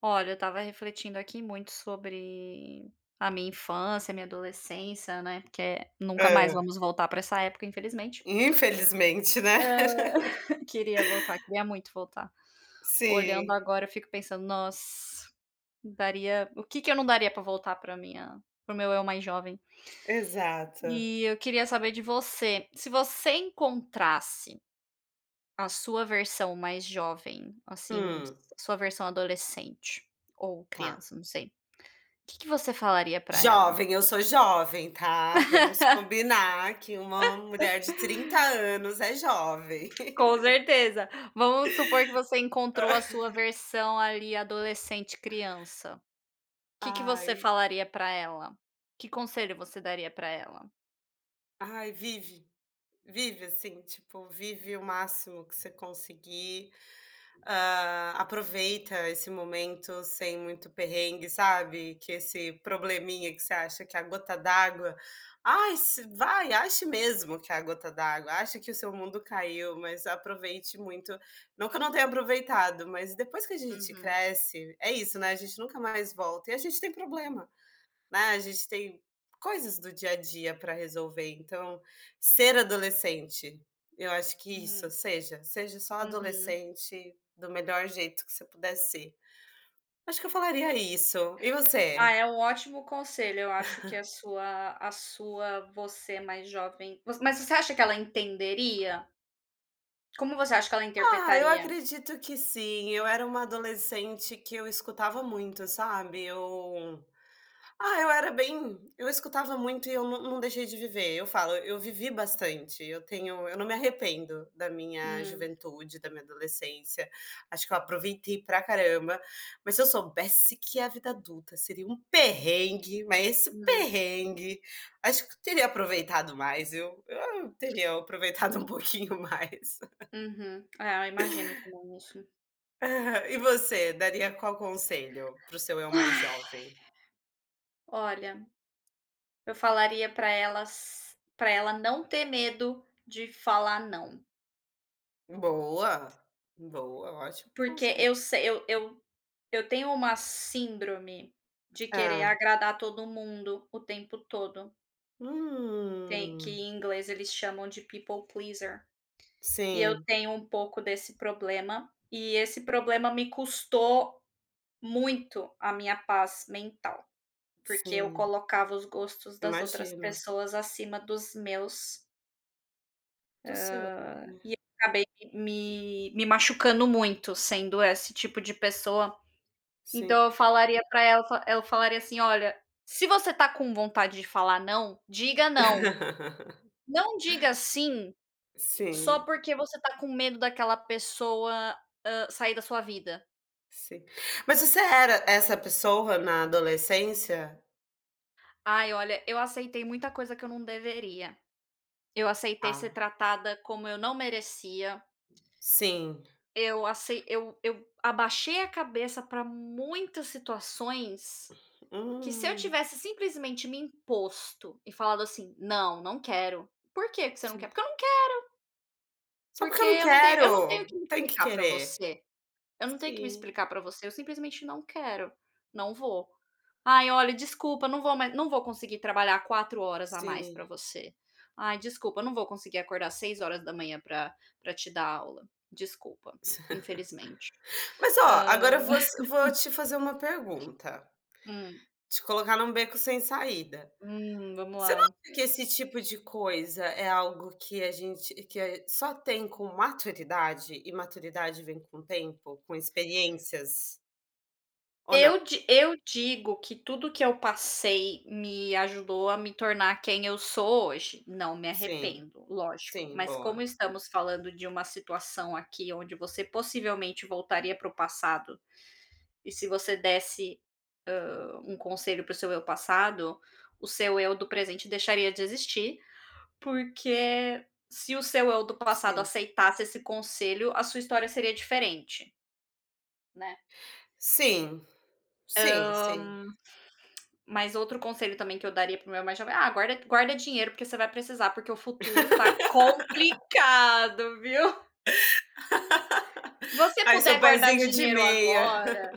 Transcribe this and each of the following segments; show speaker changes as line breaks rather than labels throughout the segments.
Olha, eu estava refletindo aqui, muito sobre a minha infância, a minha adolescência, né, porque, eh, nunca mais
É.
vamos voltar para essa época, infelizmente.
Infelizmente, né.
Ah, queria voltar, queria muito voltar. Olhando
Sim.
agora, eu fico pensando: "Nossa, daria o que que eu não daria para voltar para minha para o meu eu mais jovem?".
Exato.
E eu queria saber de você, se você encontrasse a sua versão mais jovem, assim, o s
Hum.
a sua versão adolescente ou
Tá.
criança, não sei, que que você falaria pra ela?
Jovem, eu sou jovem, tá, vamos combinar que uma mulher de 30 anos é jovem.
Com certeza, vamos supor que você encontrou a sua
Ah.
versão ali adolescente, criança, que que você
Ai.
falaria pra ela? Que conselho você daria para ela?
Ai, vive! Vive assim, tipo, vive o máximo que você conseguir, ah, aproveita esse momento sem muito perrengue, sabe, que esse probleminha que você acha que é a gota d'água. Ai, se vai, ache mesmo que a gota d'água, acha que o seu mundo caiu, mas aproveite muito não que eu não tenha aproveitado, mas depois que a gente
Uhum.
cresce é isso, né, a gente nunca mais volta e a gente tem problema, né, a gente tem coisas do dia a dia para resolver. Então, ser adolescente, eu acho que isso,
Hum.
seja, seja só
Uhum.
adolescente, do melhor jeito que você puder ser. Acho que eu falaria isso e
Ah,
você?
é um ótimo conselho. Eu acho que a sua a sua você mais jovem vo mas você acha que ela entenderia? Como você acha que ela
Ah, eu
interpretaria?
acredito que sim. Eu era uma adolescente que eu escutava muito, sabe, eu ah, eu era bem eu escutava muito e eu não não deixei de viver. Eu falo, eu vivi bastante, eu tenho eu não me arrependo da minha
Hum.
juventude, da minha adolescência. Acho que eu aproveitei pra caramba, mas se eu soubesse que a vida adulta, seria um perrengue, mas esse
Hum.
perrengue, acho que eu teria aproveitado mais, viu. Eu eu teria aproveitado um pouquinho mais.
Uhum. É, eu imagino também isso.
Aham, e você daria qual conselho para o seu eu mais
Ai,
jovem?
olha, eu falaria pra elas pra ela não ter medo de falar "não".
Boa, boa, ótimo
Porque
conse
eu sei eu eu eu tenho uma síndrome de querer
Ah.
agradar todo mundo o tempo todo. Tem, que
Hum.
em inglês eles chamam de people pleaser, e eu
Sim.
tenho um pouco desse problema. E esse problema me custou muito a minha paz mental, porque eu
Sim.
colocava os gostos das outras
Imagino.
pessoas acima dos meus
Do
hã,
seu, né.
e eu acabei me me machucando muito, sendo esse tipo de pessoa.
Sim.
Então, eu falaria para ela eu f eu falaria, assim: "Olha, se você está com vontade de falar "não", diga "não". Não diga "sim", só
Sim.
porque você está com medo daquela pessoa, hã, sair da sua vida".
Sim, mas você era essa pessoa na adolescência?
Ai, olha, eu aceitei muita coisa que eu não deveria, eu aceitei ser
Ah.
tratada como eu não merecia
Sim
eu acei eu eu abaixei a cabeça para muitas situações que se eu
Hum.
tivesse, simplesmente, me imposto e falado assim: "Não, não quero! 'Por que que você não quer?'
Sim.
Porque eu não quero"
"Só porque
"porque
eu não
eu não tenho eu não tenho
quero",
que
não
me
tem que
explicar pra
querer.
você, eu não tenho que me
Sim.
explicar pra você, eu, simplesmente, não quero, não vou, ai, olha, desculpa, não vou mais, não vou conseguir trabalhar 4 horas a mais para
Sim.
você. Ai, desculpa, eu não vou conseguir acordar às 6h pra pra te dar aula, desculpa, infelizmente",
Mas, ó,
hã
agora eu vou vou te fazer uma pergunta
Hum?
te colocar num beco sem saída.
Hum, vamos
Você não
lá.
acha que esse tipo de coisa é algo que a gente que só tem com maturidade e maturidade vem com tempo, com experiências? Ou não?
Eu di eu digo que tudo que eu passei me ajudou a me tornar quem eu sou hoje, não me
Sim.
arrependo, lógico,
Sim,
mas como
boa.
estamos falando de uma situação aqui, onde você possivelmente voltaria para o passado, e se você desse, hã, um conselho para o seu eu passado, o seu eu do presente deixaria de existir, porque se o seu eu do passado
Sim.
aceitasse esse conselho, a sua história seria diferente. Né.
Sim.
Hã,
Sim, sim.
mas outro conselho também que eu daria para meu mais jovem, "ah, guarda q guarda dinheiro, porque você vai precisar, porque o futuro tá complicado, viu. Você
Faz seu
puder guardar
pezinho de
dinheiro
meia.
agora,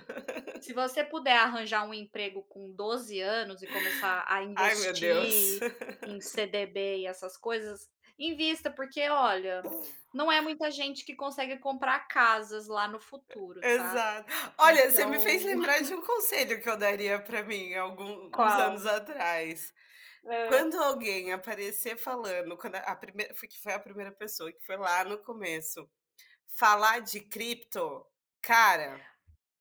se você puder arranjar um emprego com 12 anos e começar a
Ai, meu Deus.
investir em CDB e essas coisas, invista, porque olha, não é muita gente que consegue comprar casas lá no futuro, tá.
Exa olha, você me
Então"
fez lembrar de um conselho que eu daria para mim algum uns
Qual?
anos atrás.
Hã.
Quando alguém aparecer falando quando a primeira fui que foi a 1ª pessoa que foi lá no começo falar de cripto, cara,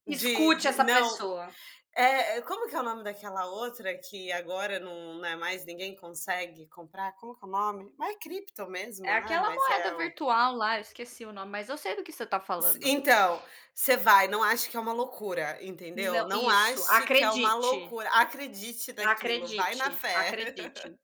de
Escute
de
essa
não
pessoa.
eh eh, como que é o nome daquela outra que agora não não é mais ninguém consegue comprar, como que é o nome? Ma é cripto
É
mesmo, né,
aquela
mas
moeda
é o
virtual lá, eu esqueci o nome, mas eu sei do que você está
S
falando.
Então você vai, não acha que é uma loucura, entendeu.
Não
Não
isso
ache que é uma
acredite.
loucura, acredite naquilo, vai na
Acredite,
fé.
acredite,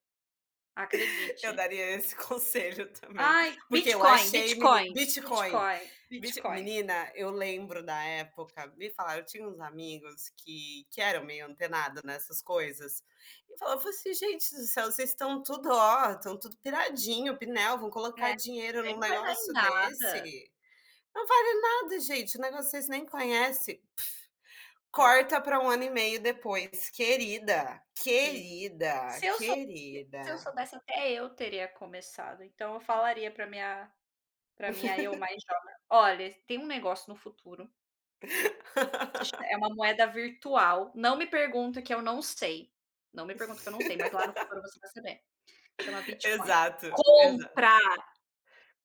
Eu
acredite.
daria esse conselho também,
Ai,
porque eu
Bitcoin,
achei meni
Bitcoin,
Bitcoin,
Bitcoin,
Bit
Bitcoin.
menina, eu lembro da época me falaram eu tinha uns amigos que que eram meio antenado nessas coisas e falava fala assim: "Gente do céu, vocês estão tudo, ó, estão tudo piradinho, pinel, vão colocar
É, isso
dinheiro
aí
num
não vai dar em
negócio
nada.
desse. Não vale nada, gente, o negócio vocês nem conhece". Corta pra 1 ano e meio depois, querida,
Sim.
querida,
Se eu so se eu
querida.
soubesse, até eu teria começado, então eu falaria pra minha pra minha eu mais jovem: "Olha, tem um negócio no futuro, se cham é uma moeda virtual, não me pergunta que eu não sei, não me pergunta que eu não sei, mas lá no futuro você vai saber, chama Bitcoin,
Exato, exato.
compra".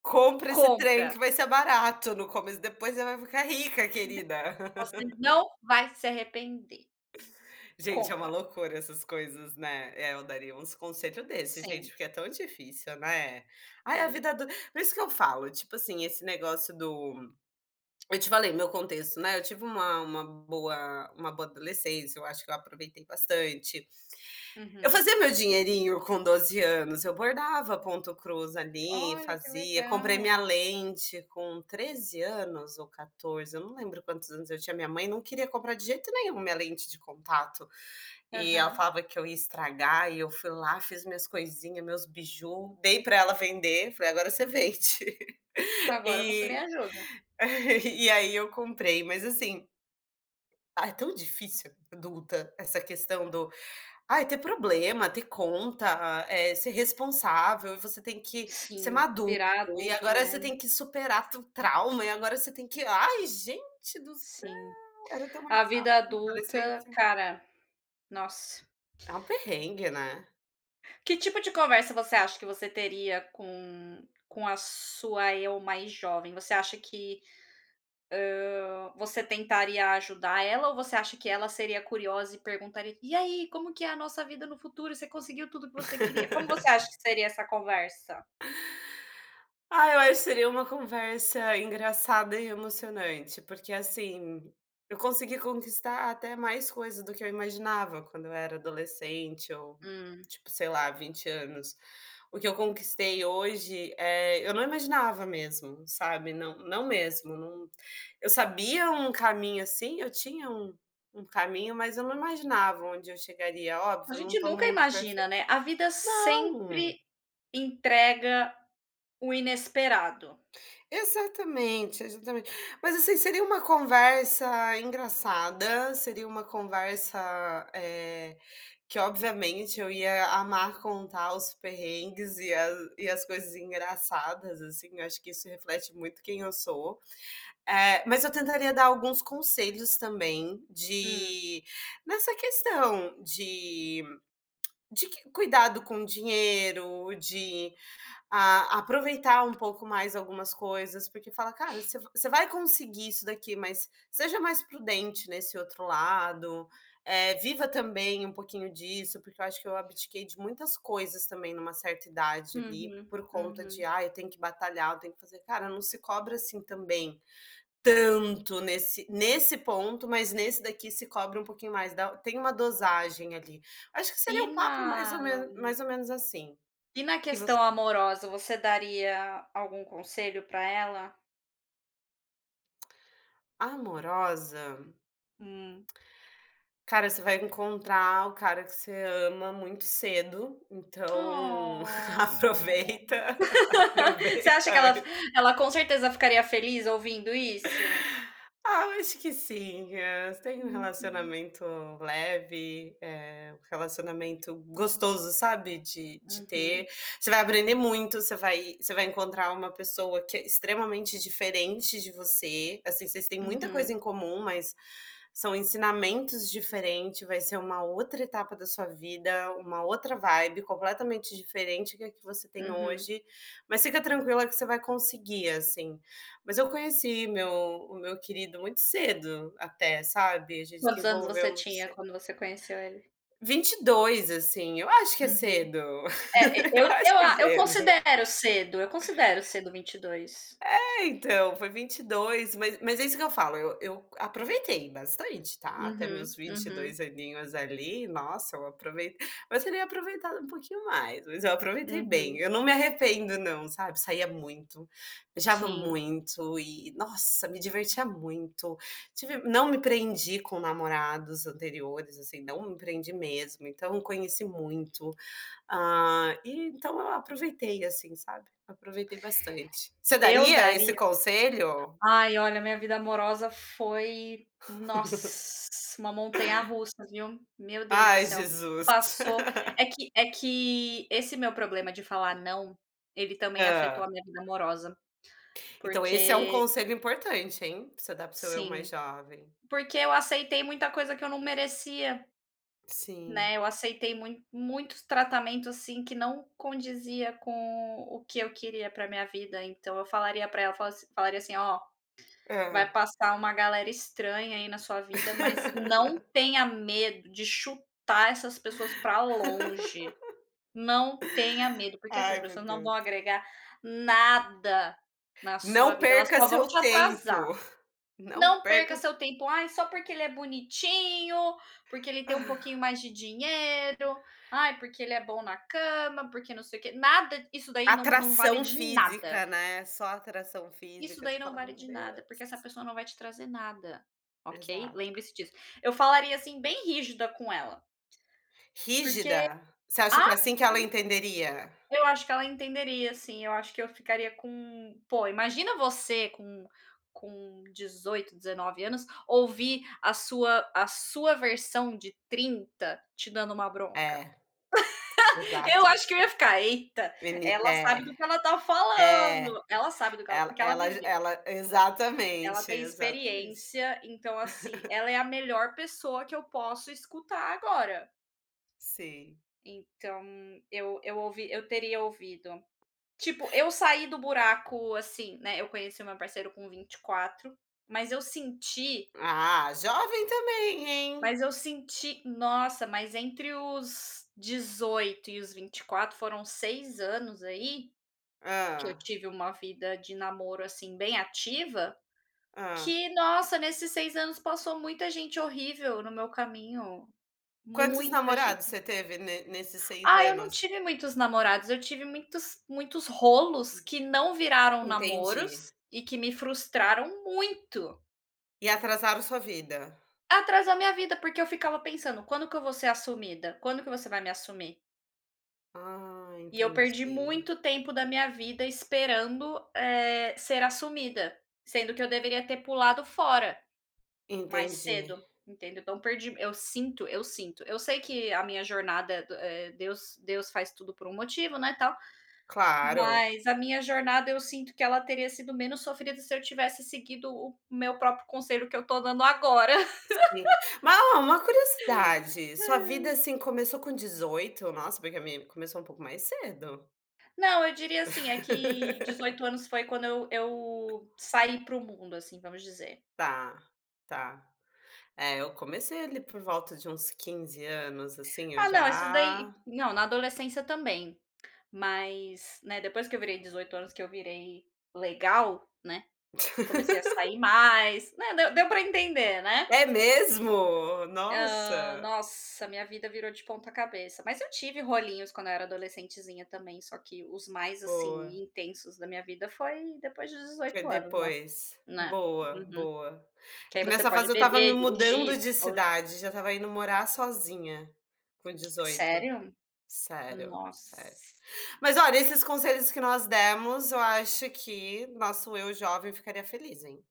"Compra esse trem
"Compra".
que vai ser barato no começo, depois você vai ficar rica, querida".
"Você não vai se arrepender".
Gente, é uma
"Compra".
loucura essas coisas, né. É, eu daria uns conselho desse gente,
Sim.
porque é tão difícil, né. Ai, a
Sim.
vida adu por isso que eu falo, tipo assim, esse negócio do eu te falei meu contexto, né, eu tive uma uma boa uma boa adolescência, eu acho que eu aproveitei bastante. Eu
Uhum.
fazia meu dinheirinho com 12 anos, eu bordava ponto cruz ali,
Olha, que
fazia. Comprei minha
legal.
lente com 13 anos ou 14, eu não lembro quantos anos eu tinha, minha mãe não queria comprar de jeito nenhum minha lente de contato e ela
Aham.
falava que eu ia estragar e eu fui lá, fiz minhas coisinha, meus biju, dei para ela vender, falei: "Agora você vende".
Agora você me
E
ajuda.
e aí eu comprei, mas assim, ah, é tão difícil adulta essa questão do ai, ter problema, ter conta, eh, ser responsável e você tem que ser
Sim,
maduro,
virar
e
adulto
agora você
é
tem que superar tu trauma e agora você tem que ai, gente do céu,
Sim.
era tão mais
A
fácil
vida
na
adulta,
adolescência.
cara, nossa.
É um perrengue, né.
Que tipo de conversa você acha que você teria com com a sua eu mais jovem? Você acha que, hã, você tentaria ajudar ela ou você acha que ela seria curiosa e perguntaria: "E aí, como que é a nossa vida no futuro? Você conseguiu tudo o que você queria?". Como você acha que seria essa conversa?
Ah, eu acho que seria uma conversa engraçada e emocionante. Porque, assim, eu consegui conquistar até mais coisa do que eu imaginava, quando eu era adolescente ou,
Hum.
tipo, sei lá, 20 anos. O que eu conquistei hoje, eh, eu não imaginava mesmo, sabe, não não mesmo, não eu sabia um caminho, assim, eu tinha um um caminho, mas eu não imaginava onde eu chegaria.
A
Óbvio, eu não
gente
estou no
nunca
mundo
imagina,
perfeito
né. A vida
não.
sempre entrega o inesperado.
Exatamente, exatamente. Mas, assim, seria uma conversa engraçada. Seria uma conversa, eh, que obviamente eu ia amar contar os perrengues e a e as coisas engraçadas, assim, eu acho que isso reflete muito quem eu sou. Eh, mas eu tentaria dar alguns conselhos também
Hum.
de nessa questão de de que cuidado com dinheiro, de a aproveitar um pouco mais algumas coisas, porque fala: "Cara, você você vai conseguir isso daqui, mas seja mais prudente nesse outro lado, eh, viva também um pouquinho disso". Porque eu acho que eu abdiquei de muitas coisas também numa certa idade ali,
Uhum,
por conta de:
uhum.
"Ah, eu tenho que batalhar. Eu tenho que fazer", cara, não se cobra, assim, também tanto nesse nesse ponto, mas nesse daqui se cobre um pouquinho mais da tem uma dosagem ali. Acho que seria
E
um
na
papo mais ou me mais ou menos assim.
e na
E
questão
você?
amorosa, você daria algum conselho pra ela?
Amorosa.
Hum.
"Cara, você vai encontrar o cara que você ama muito cedo, então
Oh,
aproveita,
você
aproveita
acha que ela
antes"
ela, com certeza, ficaria feliz ouvindo isso?
Ah, eu acho que sim. Eh, "Você tem um
Uhum.
relacionamento leve, eh, um relacionamento gostoso, sabe, de de ter,
Uhum.
você vai aprender muito, você vai você vai encontrar uma pessoa que é extremamente diferente de você, assim, vocês têm muita coisa
Uhum.
em comum, mas são ensinamentos diferente, vai ser uma outra etapa da sua vida, uma outra vibe completamente diferente que a que você tem
Uhum.
hoje, mas fica tranquila que você vai conseguir", assim. Mas eu conheci meu o meu querido muito cedo, até, sabe. A gente se
Quantos anos
envolveu
você
muito
tinha
cedo.
quando você conheceu ele?
22, assim, eu acho que é
Uhum,
cedo.
eh eh, eu
Eu acho
eu
que é
a eu
cedo.
considero cedo, eu considero cedo, 22
É, então, foi 22 mas mas é isso que eu falo, eu eu aproveitei bastante, tá, até meus
Uhum,
vinte e
uhum.
dois aninhos ali nossa, eu aprovei mas teria aproveitado um pouquinho mais, mas eu aproveitei bem.
Uhum.
Eu não me arrependo não, sabe, saía muito, viajava
Sim.
muito e, nossa, me divertia muito. Tive não me prendi com namorados anteriores, assim, não me prendi mesmo. Então conheci muito, ah, e então eu aproveitei, assim, sabe, aproveitei bastante. Você
Eu
daria esse
daria
conselho?
ai, olha, a minha vida amorosa foi, nossa, uma montanha russa, viu, meu Deus do
Ai,
céu.
Jesus.
Passou é que é que esse meu problema de falar "não", ele também afetou a
Hã.
minha vida amorosa,
Então, esse é um
porque
conselho importante, hein, pra você dar pro seu eu mais
Sim,
jovem.
porque eu aceitei muita coisa que eu não merecia.
Sim.
Né, eu aceitei muito muitos tratamentos, assim, que não condizia com o que eu queria pra minha vida, então eu falaria pra ela, fala falaria assim: "Ó, vai
Hã.
passar uma galera estranha aí na sua vida, mas não tenha medo de chutar essas pessoas para longe. Não tenha medo, porque essas
Ai, meu
pessoas não vão
Deus.
agregar nada na sua
Não
vida. Elas
perca
só vão
seu
te atrasar.
tempo, não
Não perca
perca se
seu tempo, 'ai só porque ele é bonitinho, porque ele tem um
Ah.
pouquinho mais de dinheiro. Ai, porque ele é bom na cama, porque não sei o quê', nada! Isso daí não não vale
Atração
de nada"
física, né. Só atração
"isso
física, você
daí não
fala:
vale
"Meu
de nada, porque essa
Deus!".
pessoa não vai te trazer nada. Ok?
Exato.
Lembre-se disso.". Eu falaria, assim, bem rígida com ela. Porque
Rígida, você acha
ah,
que é assim que ela
sim
entenderia?
Eu acho que ela entenderia sim, eu acho que eu ficaria com pô, imagina você com com 18, 19 anos, ouvir a sua a sua versão de 30 te dando uma bronca?
É.
Eu
Exato.
acho que eu ia ficar: "Eita,
Ele
ela
é,
sabe do que ela está
é,
falando, ela sabe do que ela
ela
porque ela
ela
viveu"
ela
"ela
exatamente,
tem
exatamente.
experiência. Então, assim, ela é a melhor pessoa que eu posso escutar agora".
Sei.
Então, eu eu ouvi eu teria ouvido, tipo, eu saí do buraco, assim, né, eu conheci o meu parceiro com 24, mas eu senti
Ah, jovem também, hein?
mas eu senti nossa, mas entre os 18 e os 24, foram 6 anos aí, que eu
Hã.
tive uma vida de namoro, assim, bem ativa,
Hã.
que, nossa, nesses 6 anos passou muita gente horrível no meu caminho,
Quantos
muita
namorados
gente.
você teve ne nesses 6
Ah, eu não
anos?
tive muitos namorados, eu tive muitos muitos rolos
Hum.
que não viraram namoros
Entendi.
e que me frustraram muito.
E atrasaram sua vida?
Atrasou a minha vida, porque eu ficava pensando: "Quando que eu vou ser assumida, quando que você vai me assumir?".
Ah,
E eu perdi
entendi.
muito tempo da minha vida esperando, eh, ser assumida, sendo que eu deveria ter pulado fora, mais
Entendi.
cedo, entendeu, então eu perdi eu sinto eu sinto. Eu sei que a minha jornada, do eh, Deus Deus faz tudo por um motivo, né, tal.
Claro.
Mas a minha jornada, eu sinto que ela teria sido menos sofrida se eu tivesse seguido o meu próprio conselho que eu estou dando agora.
Sim, ma o uma curiosidade, sua vida assim começou com 18? Nossa, porque a minha começou um pouco mais cedo.
Não, eu diria assim é que 18 anos foi quando eu eu saí para o mundo, assim vamos dizer.
Tá, tá, é, eu comecei ali por volta de uns 15 anos, assim eu
Ah, não, esses daí
já
não na adolescência também. Mas, né depois que eu virei 18 anos que eu virei legal, né, comecei a sair mais, né, deu deu para entender, né,
É mesmo?
hã,
Nossa.
nossa, minha vida virou de ponta cabeça. Mas eu tive rolinhos quando eu era adolescentezinha também, só que os mais,
Boa.
assim, intensos da minha vida foi depois de
Foi
18 anos, né.
depois,
É,
boa,
uhum,
boa.
que
É
aí
que
você
nessa
pode
fase eu estava me
beber, dirigir,
mudando
essas
de
coisas.
cidade, já estava indo morar sozinha, com 18,
Sério?
sério,
Nossa.
sério. Mas olha, esses conselhos que nós demos, eu acho que nosso eu jovem ficaria feliz, hein?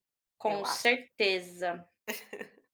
Eu
Com
acho.
certeza.